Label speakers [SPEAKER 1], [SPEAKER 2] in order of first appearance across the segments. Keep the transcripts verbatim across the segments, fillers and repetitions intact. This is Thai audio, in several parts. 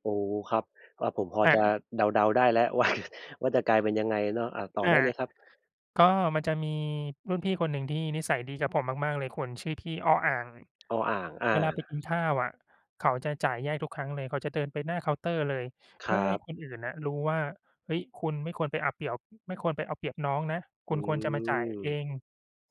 [SPEAKER 1] โอ้โฮ ครับ อา ผมพอ
[SPEAKER 2] อ
[SPEAKER 1] จะ
[SPEAKER 2] า
[SPEAKER 1] เดา ๆ ได้แล้ว ว่า ว่าจะกลายเป็นยังไงเนาะ อา ต่อ
[SPEAKER 2] อ
[SPEAKER 1] ไ
[SPEAKER 2] า
[SPEAKER 1] ด้เลยครับ
[SPEAKER 2] ก็มันจะมีรุ่นพี่คนหนึ่งที่นิสัยดีกับผมมาก ๆ เลย คนชื่อพี่ อออ่าง
[SPEAKER 1] อออ่าง อา
[SPEAKER 2] เวลาไปกินข้าวอะ เขาจะจ่ายแยกทุกครั้งเลย เขาจะเดินไปหน้าเคาน์เตอร์เลย
[SPEAKER 1] ค
[SPEAKER 2] เพื
[SPEAKER 1] ร
[SPEAKER 2] ่
[SPEAKER 1] ั
[SPEAKER 2] อให้
[SPEAKER 1] บ
[SPEAKER 2] คนอื่นอะรู้ว่า เฮ้ย คุณไม่ควรไปเอาเปรียบ ไม่ควรไปเอาเปรียบน้องนะ
[SPEAKER 1] อ
[SPEAKER 2] ค
[SPEAKER 1] ื
[SPEAKER 2] ุณควรจะมาจ่ายเอ
[SPEAKER 1] ม
[SPEAKER 2] ง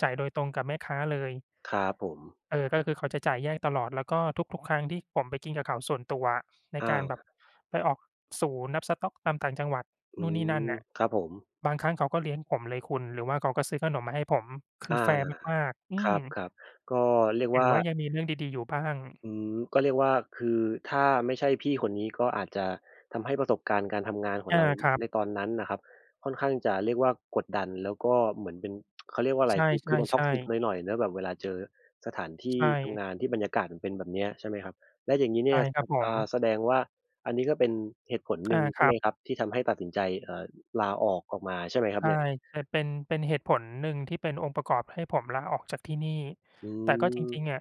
[SPEAKER 2] จ่ายโดยตรงกับแม่ค้าเลย
[SPEAKER 1] ครับผม
[SPEAKER 2] เออ ก็คือเขาจะจ่ายแยกตลอด แล้วก็ทุก ๆ ครั้งที่ผมไปกินกับเขาส่วนตัว ใน
[SPEAKER 1] อ
[SPEAKER 2] การแบบ
[SPEAKER 1] า
[SPEAKER 2] ไปออกศูนย์นับสต๊อกตามต่างจังหวัด
[SPEAKER 1] อื
[SPEAKER 2] นู่นนี่น
[SPEAKER 1] ม
[SPEAKER 2] ั่นน่ะ
[SPEAKER 1] ครับผม
[SPEAKER 2] บางครั้งเขาก็เลี้ยงผมเลยคุณ หรือว่าเขาก็ซื้อขนมมาให้ผม ค
[SPEAKER 1] อ
[SPEAKER 2] ื
[SPEAKER 1] า
[SPEAKER 2] อแฟร์มาก ๆ อื
[SPEAKER 1] คร
[SPEAKER 2] ม
[SPEAKER 1] ับ ๆ ก็เรียก
[SPEAKER 2] ถ
[SPEAKER 1] ว
[SPEAKER 2] ื
[SPEAKER 1] ่
[SPEAKER 2] อ
[SPEAKER 1] า
[SPEAKER 2] ว่ายังมีเรื่องดี ๆ อยู่บ้าง
[SPEAKER 1] อืม ก็เรียกว่าคือถ้าไม่ใช่พี่คนนี้ ก็อาจจะทำให้ประสบการณ์การทำงานขอ
[SPEAKER 2] อ
[SPEAKER 1] ง
[SPEAKER 2] า
[SPEAKER 1] เรา
[SPEAKER 2] ครั
[SPEAKER 1] ใ
[SPEAKER 2] บ
[SPEAKER 1] นตอนนั้นนะครับค่อนข้างจะเรียกว่ากดดัน แล้วก็เหมือนเป็น เขาเรียกว่าอะไ
[SPEAKER 2] ใ
[SPEAKER 1] ร
[SPEAKER 2] ช
[SPEAKER 1] คือ คือมัน
[SPEAKER 2] ่
[SPEAKER 1] toxic ห
[SPEAKER 2] ๆ ๆ
[SPEAKER 1] น่อย ๆ เนาะแบบเวลาเจอสถานที่
[SPEAKER 2] ใช่
[SPEAKER 1] ทำงานที่บรรยากาศมันเป็นแบบนี้ใ ช่ไหมครับ แล้วอย่างงี้เนี
[SPEAKER 2] ใช
[SPEAKER 1] ่ย
[SPEAKER 2] ่คร
[SPEAKER 1] คร
[SPEAKER 2] ับ
[SPEAKER 1] ับ
[SPEAKER 2] ผ
[SPEAKER 1] อ
[SPEAKER 2] ม
[SPEAKER 1] า แสดงว่าอันนี้ก็เป็นเหตุผลห
[SPEAKER 2] อ
[SPEAKER 1] นึ
[SPEAKER 2] า
[SPEAKER 1] ่งใช
[SPEAKER 2] ค
[SPEAKER 1] ่
[SPEAKER 2] ร
[SPEAKER 1] ไ
[SPEAKER 2] ั
[SPEAKER 1] หม
[SPEAKER 2] บ
[SPEAKER 1] ครับที่ทำให้ตัดสินใจ เอ่อ ลาออกออกมาใช่ไหมคร
[SPEAKER 2] ใ
[SPEAKER 1] ั
[SPEAKER 2] ช
[SPEAKER 1] บ
[SPEAKER 2] ่
[SPEAKER 1] เนี่ย?
[SPEAKER 2] จะเป็น เป็นเหตุผลหนึ่งที่เป็นองค์ประกอบให้ผมลาออกจากที่นี่
[SPEAKER 1] อื
[SPEAKER 2] แต่ก็จริ
[SPEAKER 1] ม
[SPEAKER 2] ง ๆ อะ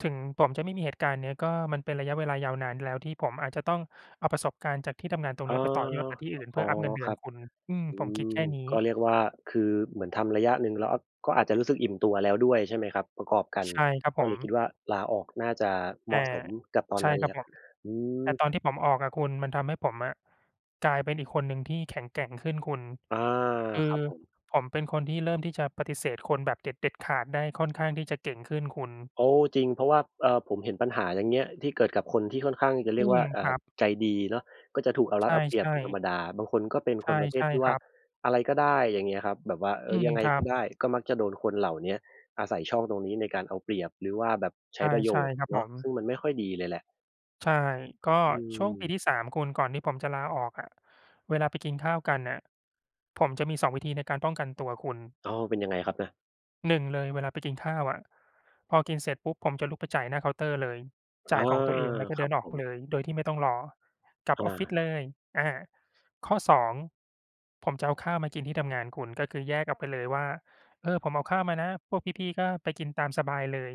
[SPEAKER 2] ถึงผมจะไม่มีเหตุการณ์นี้ ก็มันเป็นระยะเวลายาวนานแล้วที่ผมอาจจะต้องเอาประสบการณ์จากที่ทำงานตรง
[SPEAKER 1] อ
[SPEAKER 2] นี้
[SPEAKER 1] า
[SPEAKER 2] ไปต่อยอดกับที่อื่น เพ
[SPEAKER 1] อ
[SPEAKER 2] ื่อ
[SPEAKER 1] ๋อ
[SPEAKER 2] อัปเงินเดื
[SPEAKER 1] ค
[SPEAKER 2] อน
[SPEAKER 1] รับ
[SPEAKER 2] คุณ อืม
[SPEAKER 1] อื
[SPEAKER 2] ผมคิดแค
[SPEAKER 1] ม
[SPEAKER 2] ่นี้
[SPEAKER 1] ก็เรียกว่าคือเหมือนทำระยะหนึ่งแล้ว อ ก็อาจจะรู้สึกอิ่มตัวแล้วด้วยใช่ไหมครับประกอบกัน
[SPEAKER 2] ใช่ครับ
[SPEAKER 1] ก
[SPEAKER 2] ผ
[SPEAKER 1] ็เล
[SPEAKER 2] ม
[SPEAKER 1] ยคิดว่าลาออกน่าจะเห
[SPEAKER 2] อ
[SPEAKER 1] ม
[SPEAKER 2] า
[SPEAKER 1] าะสมกับตอ
[SPEAKER 2] ใ
[SPEAKER 1] น
[SPEAKER 2] ช่
[SPEAKER 1] นั้น
[SPEAKER 2] ค
[SPEAKER 1] แ
[SPEAKER 2] รั
[SPEAKER 1] ล
[SPEAKER 2] บ
[SPEAKER 1] ้ว
[SPEAKER 2] ผม
[SPEAKER 1] อื
[SPEAKER 2] แต
[SPEAKER 1] ม
[SPEAKER 2] ่ตอนที่ผมออกอะคุณ มันทำให้ผมอะกลายเป็นอีกคนหนึ่งที่แข็งแกร่งขึ้นคุณ
[SPEAKER 1] อา
[SPEAKER 2] คื
[SPEAKER 1] ค
[SPEAKER 2] อ
[SPEAKER 1] รับผม
[SPEAKER 2] ผมเป็นคนที่เริ่มที่จะปฏิเสธคนแบบเด็ด เด็ดขาดได้ค่อนข้างที่จะเก่งขึ้นคุณ
[SPEAKER 1] โอ้ จริง เพราะว่า เอ่อ ผมเห็นปัญหาอย่างเงี้ยที่เกิดกับคนที่ค่อนข้างจะเร
[SPEAKER 2] อ
[SPEAKER 1] ี
[SPEAKER 2] ื
[SPEAKER 1] ยกว่
[SPEAKER 2] ม
[SPEAKER 1] า เอ
[SPEAKER 2] ค
[SPEAKER 1] ่
[SPEAKER 2] ร
[SPEAKER 1] อ
[SPEAKER 2] ับ
[SPEAKER 1] ใจดีเนาะ ก็จะถูกเอา
[SPEAKER 2] ใ
[SPEAKER 1] รัดเอาเปรี
[SPEAKER 2] ช
[SPEAKER 1] ยบเ
[SPEAKER 2] ่
[SPEAKER 1] ป็นธร
[SPEAKER 2] ๆ
[SPEAKER 1] รมดา บางคนก็เป็น
[SPEAKER 2] ใช
[SPEAKER 1] ค
[SPEAKER 2] ่
[SPEAKER 1] นประเภ
[SPEAKER 2] ใช
[SPEAKER 1] ท
[SPEAKER 2] ่
[SPEAKER 1] ที่ว
[SPEAKER 2] ค
[SPEAKER 1] ่า
[SPEAKER 2] รับ
[SPEAKER 1] อะไรก็ได้ อย่างเงี้ยครับ แบบว่า เอ
[SPEAKER 2] อื
[SPEAKER 1] อ ย
[SPEAKER 2] ม
[SPEAKER 1] ังไง
[SPEAKER 2] ครั
[SPEAKER 1] ก็
[SPEAKER 2] บ
[SPEAKER 1] ได้ ก็มักจะโดนคนเหล่านี้อาศัยช่องตรงนี้ในการเอาเปรียบ หรือว่าแบบใช
[SPEAKER 2] ใช
[SPEAKER 1] ้
[SPEAKER 2] ่
[SPEAKER 1] ประโย
[SPEAKER 2] ใช่
[SPEAKER 1] ชน์
[SPEAKER 2] ครับ
[SPEAKER 1] เน
[SPEAKER 2] ผ
[SPEAKER 1] าะ ซ
[SPEAKER 2] ม
[SPEAKER 1] ึ่งมันไม่ค่อยดีเลยแหละ
[SPEAKER 2] ใช่ ก็
[SPEAKER 1] อื
[SPEAKER 2] ช่วงปี
[SPEAKER 1] ม
[SPEAKER 2] ที่ สาม คุณ ก่อนที่ผมจะลาออกอะ เวลาไปกินข้าวกันน่ะ ผมจะมี สอง วิธีในการป้องกันตัวคุณ
[SPEAKER 1] อ๋อ เป็นยังไงครับนะ?
[SPEAKER 2] หนึ่ง เลยเวลาไปกินข้าวอะ พอกินเสร็จปุ๊บ ผมจะลุกไปจ่ายหน้าเคาน์เตอร์เลย
[SPEAKER 1] อ
[SPEAKER 2] จ่
[SPEAKER 1] า
[SPEAKER 2] ายของตัวเองแล้วก็
[SPEAKER 1] ค
[SPEAKER 2] เ
[SPEAKER 1] ร
[SPEAKER 2] ด
[SPEAKER 1] ั
[SPEAKER 2] ิ
[SPEAKER 1] บ
[SPEAKER 2] นอ
[SPEAKER 1] ผ
[SPEAKER 2] อก
[SPEAKER 1] ม
[SPEAKER 2] เลยโดยที่ไม่ต้องรอ กลับอ
[SPEAKER 1] อ
[SPEAKER 2] อฟฟิศเ
[SPEAKER 1] า
[SPEAKER 2] ลย อ่า ข้อ สอง ผมจะเอาข้าวมากินที่ทำงานคุณ ก็คือแยกออกไปเลยว่า "เออ ผมเอาข้าวมานะ พวกพี่ ๆ ก็ไปกินตามสบายเลย"